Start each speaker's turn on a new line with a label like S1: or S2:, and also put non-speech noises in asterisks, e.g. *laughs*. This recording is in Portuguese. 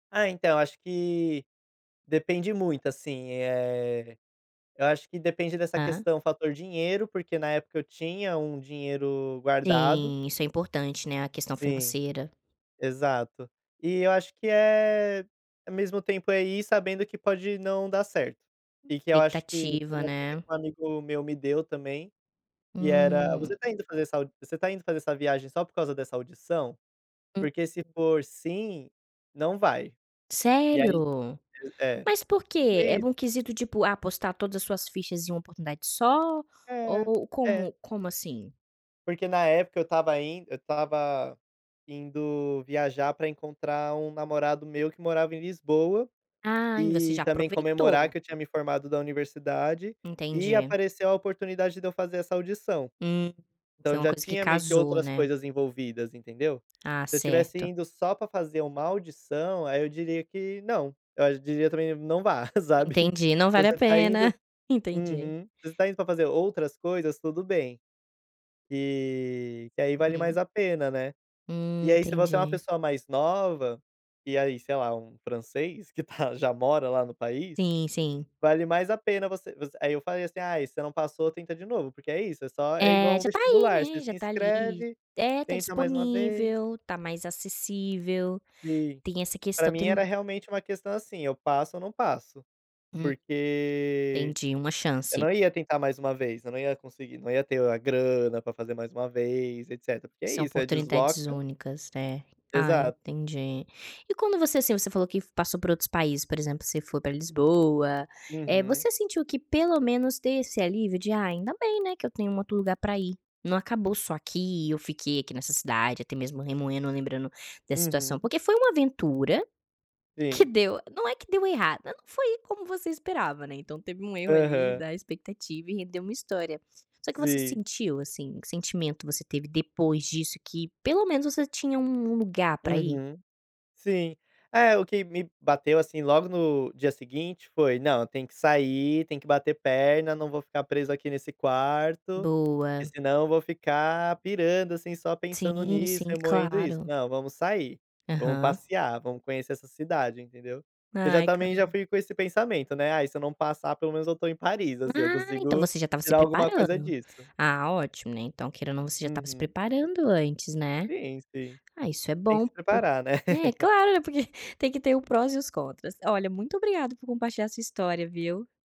S1: É, então, acho que depende muito, assim, eh, eu acho que depende dessa
S2: Aham.
S1: questão, fator dinheiro, porque na época eu tinha um dinheiro guardado.
S2: Sim, isso é importante, né, a questão
S1: Sim,
S2: financeira.
S1: exato. E eu acho que é, ao mesmo tempo é ir sabendo que pode não dar certo. E que eu acho que,
S2: Expectativa,
S1: uma dica que
S2: né.
S1: um amigo meu me deu também, que era,
S2: Hum.
S1: você tá indo fazer essa você tá indo fazer essa viagem só por causa dessa audição?
S2: Uhum.
S1: Porque se for sim, não vai. E aí
S2: Sério?
S1: é.
S2: Mas por
S1: Porque
S2: quê?
S1: é
S2: É
S1: isso.
S2: um quesito tipo apostar todas as suas fichas em uma oportunidade só.
S1: É,
S2: Ou
S1: é.
S2: como como assim?
S1: Porque na época eu estava indo eu estava indo viajar para encontrar um namorado meu que morava em Lisboa,
S2: Ai, você
S1: e
S2: já
S1: também comemorar
S2: aproveitou.
S1: que eu tinha me formado da universidade, e
S2: Entendi.
S1: apareceu a oportunidade de eu fazer essa audição.
S2: Hum, foi
S1: Então
S2: uma
S1: já
S2: coisa que
S1: tinha meio que
S2: casou
S1: outras
S2: né?
S1: coisas envolvidas, entendeu?
S2: Ah
S1: Se eu tivesse
S2: certo.
S1: indo só para fazer uma audição, aí eu diria que não, eu diria também não vá, sabe?
S2: Entendi. Não
S1: Então
S2: vale a
S1: você tá
S2: pena,
S1: indo
S2: entendi.
S1: uhum, se você está indo para fazer outras coisas, tudo bem. E que aí vale mais
S2: Uhum.
S1: a pena, né. E
S2: Hum,
S1: aí, se você é uma
S2: entendi.
S1: pessoa mais nova, e aí sei lá, um francês que tá *giggles* já mora lá no país,
S2: Sim, sim.
S1: vale mais a pena você você aí eu falei assim: "Ai, você não passou, tenta de novo." Porque é isso, é só é igual
S2: É,
S1: um
S2: já está aí
S1: vestibular, você
S2: né, já
S1: se
S2: está ali
S1: inscreve,
S2: é, está
S1: tenta mais um vez.
S2: disponível, tá mais acessível,
S1: Sim.
S2: tem essa
S1: Para
S2: questão
S1: mim
S2: do
S1: era realmente uma questão, assim, eu passo ou não passo.
S2: Hum.
S1: Porque
S2: Entendi, uma
S1: eu não
S2: chance.
S1: ia tentar mais uma vez, eu não ia conseguir, não ia ter a grana para fazer mais uma vez, etcétera, porque é
S2: São
S1: isso, é
S2: oportunidades
S1: desloca
S2: únicas, é. Ah,
S1: exato.
S2: entendi. E quando você, assim, você falou que passou por outros países, por exemplo, você foi para Lisboa, eh,
S1: Uhum.
S2: você sentiu que pelo menos tem esse alívio de: "Ai, ainda bem, né, que eu tenho um outro lugar para ir, não acabou só aqui e eu fiquei aqui nessa cidade, até mesmo remoendo lembrando da situação."
S1: Uhum.
S2: Porque foi uma aventura que
S1: Sim.
S2: deu não é que deu errado, só não foi como você esperava, né, então teve um erro ali
S1: Aham.
S2: da expectativa e rendeu uma história. Só que você
S1: Sim.
S2: sentiu, assim, que sentimento você teve depois disso que pelo menos você tinha um um lugar para ir?
S1: Uhum, sim. É o que me bateu, assim, logo no dia seguinte foi: "Não, eu tenho que sair, tenho que bater perna, não vou ficar preso aqui nesse quarto, que
S2: Boa.
S1: senão eu vou ficar pirando, assim, só
S2: Sim,
S1: pensando nisso,
S2: sim.
S1: remoendo isso.
S2: Claro.
S1: Não, vamos sair, vamos
S2: Aham.
S1: passear, vamos conhecer essa cidade." Entendeu? Eu já
S2: Ai,
S1: também já
S2: cara.
S1: fui com esse pensamento, né: "Ai, se eu não passar, pelo menos eu estou em Paris, assim, eu
S2: Ah, então
S1: consigo
S2: você já estava se
S1: tirar alguma coisa
S2: preparando.
S1: disso."
S2: Ah ótimo, né, então queira ou não você já estava se
S1: Uhum.
S2: preparando antes, né.
S1: Sim, sim.
S2: Ah isso é
S1: Tem que
S2: bom
S1: se
S2: por
S1: preparar né.
S2: é
S1: *laughs*
S2: claro, né, porque tem que ter o prós e os contras. Olha, muito obrigada por compartilhar sua história, viu?